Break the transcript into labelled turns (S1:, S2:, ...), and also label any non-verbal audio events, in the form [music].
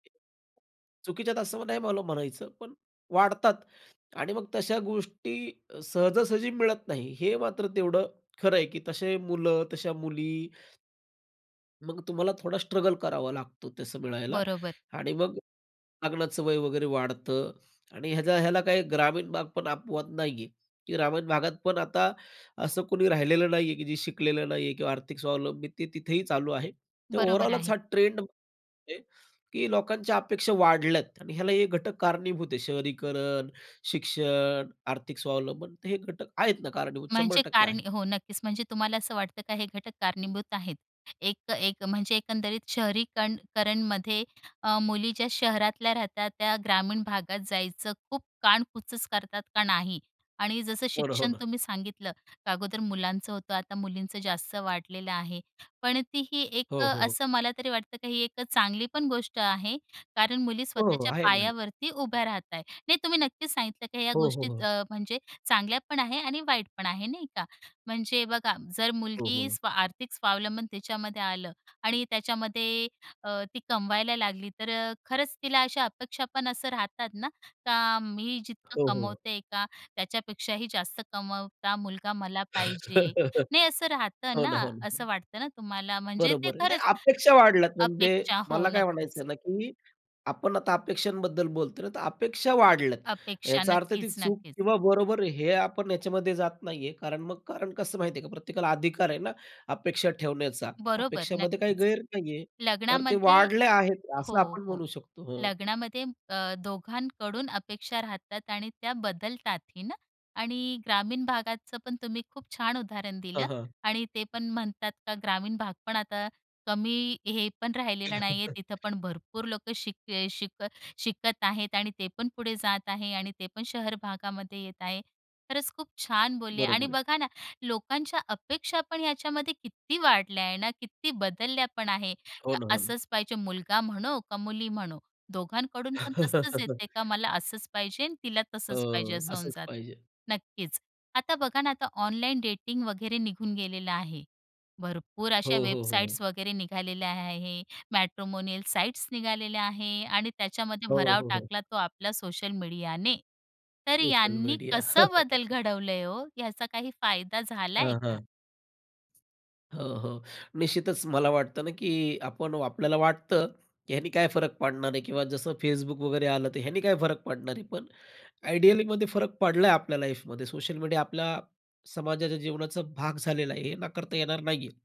S1: चुकीच्या आहेत असं नाही मला म्हणायचं, पण वाढतात आणि मग तशा गोष्टी सहजासहजी मिळत नाही हे मात्र तेवढं खरं आहे, की तसे मुलं तशा मुली मग तुम्हाला थोडा स्ट्रगल करावा लागतो तसं मिळायला
S2: बरोबर.
S1: आणि मग लग्नाचं वय वगैरे वाढतं आणि ह्याचा ह्याला काही ग्रामीण भाग पण अपवाद नाही आहे की ग्रामीण भागात पण आता असं कोणी राहिलेलं नाहीये की जे शिकलेलं नाहीये किंवा आर्थिक स्वावलंबन तिथेही चालू आहे. तर
S2: बरोबर
S1: ओव्हरऑलच
S2: आहे.
S1: हा ट्रेंड आहे की लोकांच्या अपेक्षा वाढल्या आहेत आणि ह्याला हे घटक कारणीभूत आहेत, शहरीकरण, शिक्षण, आर्थिक स्वावलंबन, हे घटक आहेत ना, कारणीभूत शंभर
S2: म्हणजे
S1: टक्के
S2: कारण
S1: आहेत.
S2: हो, नक्कीच. म्हणजे तुम्हाला असं वाटतं का हे घटक कारणीभूत आहेत? एक त एक म्हणजे एकंदरीत शहरीकण करणमध्ये अ, मुली ज्या शहरातल्या राहतात, त्या ग्रामीण भागात जायचं खूप कानकुच करतात का नाही. आणि जसं
S1: हो ना, हो
S2: शिक्षण
S1: ना.
S2: तुम्ही सांगितलं, अगोदर मुलांचं होतं, आता मुलींचं जास्त वाढलेलं आहे. पण ती ही एक अ,
S1: हो हो, हो.
S2: असं मला तरी वाटतं की ही एक अ, चांगली पण गोष्ट आहे कारण मुली
S1: हो, हो.
S2: स्वतःच्या
S1: आहे ना.
S2: पायावरती उभ्या राहत आहे. नाही, तुम्ही नक्कीच सांगितलं की ह्या
S1: हो, हो,
S2: गोष्टी
S1: हो.
S2: अ, म्हणजे चांगल्या पण आहेत आणि वाईट पण आहेत, नाही का? म्हणजे बघा, जर
S1: हो,
S2: मुलगी
S1: हो.
S2: स्वा आर्थिक स्वावलंबन त्याच्यामध्ये आलं आणि त्याच्यामध्ये ती अ, कमवायला लागली, तर अ, खरंच तिला अशा अपेक्षा पण असं राहतात ना, का मी जितकं
S1: हो, हो, हो.
S2: कमवते, का त्याच्यापेक्षाही जास्त कमवाव का मुलगा मला पाहिजे
S1: [laughs]
S2: नाही असं राहतं
S1: हो ना, हो
S2: ना,
S1: ना, हो
S2: असं
S1: ना.
S2: वाटतं ना तुम्हाला, म्हणजे ते
S1: बरोबर आहे, नाही
S2: खरंच
S1: अपेक्षा वाढल्या आहेत. म्हणजे
S2: अपेक्षा, हो
S1: मला काय म्हणायचं
S2: नक्कीच.
S1: आहे ना की आपण आता अपेक्षांबद्दल बोलतोय ना, तर अपेक्षा वाढल्या आहेत.
S2: अपेक्षा.
S1: याचा अर्थ ती
S2: नक्कीच,
S1: चूक
S2: नक्कीच.
S1: किंवा बरोबर, हे आपण ह्याच्यामध्ये जात नाहीये कारण मग कारण कसं माहिती का प्रत्येकाला अधिकार आहे ना अपेक्षा ठेवण्याचा.
S2: बरोबर.
S1: अपेक्षामध्ये काही
S2: नक्कीच.
S1: गैर नाहीये. तर ते
S2: लग्नामध्ये
S1: वाढले आहेत,
S2: हो,
S1: असं आपण
S2: हो.
S1: म्हणू शकतो, हो.
S2: लग्नामध्ये म अ, दोघांकडून अपेक्षा राहतात आणि त्या बदलतातही ना. आणि ग्रामीण भागाचं पण तुम्ही खूप छान उदाहरण
S1: हां,
S2: दिलं
S1: हां.
S2: आणि ते पण म्हणतात का ग्रामीण भाग पण आता कमी हे पण राहिलेला नाही आहे. तिथं
S1: [chuckles]
S2: पण भरपूर लोकं शिक ए शिक अ, शिकत आहेत आणि ते पण पुढे जात आहेत आणि ते पण शहर भागामध्ये येत आहेत. खरंच खूप छान बोलले आणि
S1: बरोबर आहे.
S2: बघा ना, लोकांच्या अपेक्षा पण ह्याच्यामध्ये किती वाढल्या आहेत ना, किती बदलल्या पण आहेत.
S1: हो
S2: तर
S1: ना, हो ना.
S2: असंच पाहिजे. मुलगा म्हणो का मुली म्हणो, दोघांकडून पण तसंच येते का
S1: [chuckles]
S2: "मला असंच पाहिजे आणि तिला
S1: अ,
S2: तसंच पाहिजे", असं होऊन
S1: असंच
S2: जातं.
S1: पाहिजे.
S2: नक्कीच. आता बघा ना, आता ऑनलाइन डेटिंग वगैरे निघून गेलेलं आहे. भरपूर अशा
S1: हो, हो, हो.
S2: वेबसाइट्स वगैरे निघालेल्या आहेत, मॅट्रिमोनियल साइट्स निघालेल्या आहेत आणि त्याच्यामध्ये
S1: हो,
S2: भराव
S1: हो, हो.
S2: टाकला तो आपल्या सोशल मीडियाने. तर
S1: सोशल
S2: यांनी
S1: मीडिया.
S2: कसं बदल
S1: [chuckles]
S2: घडवलं आहे हो? याचा काही फायदा झाला आहे
S1: हां,
S2: का?
S1: हां. हो, हो. निश्चितच मला वाटतं ना की आपण आपल्याला वाटतं, की ह्यानी काय फरक पडणार आहे किंवा जसं Facebook वगैरे आलं तर ह्याने काय फरक पडणार आहे? पण आयडियलीमध्ये फरक पडला आहे आपल्या लाईफमध्ये. सोशल मीडिया आपल्या समाजाच्या जीवनाचा भाग झालेला आहे, हे नाकारता येणार नाहीये.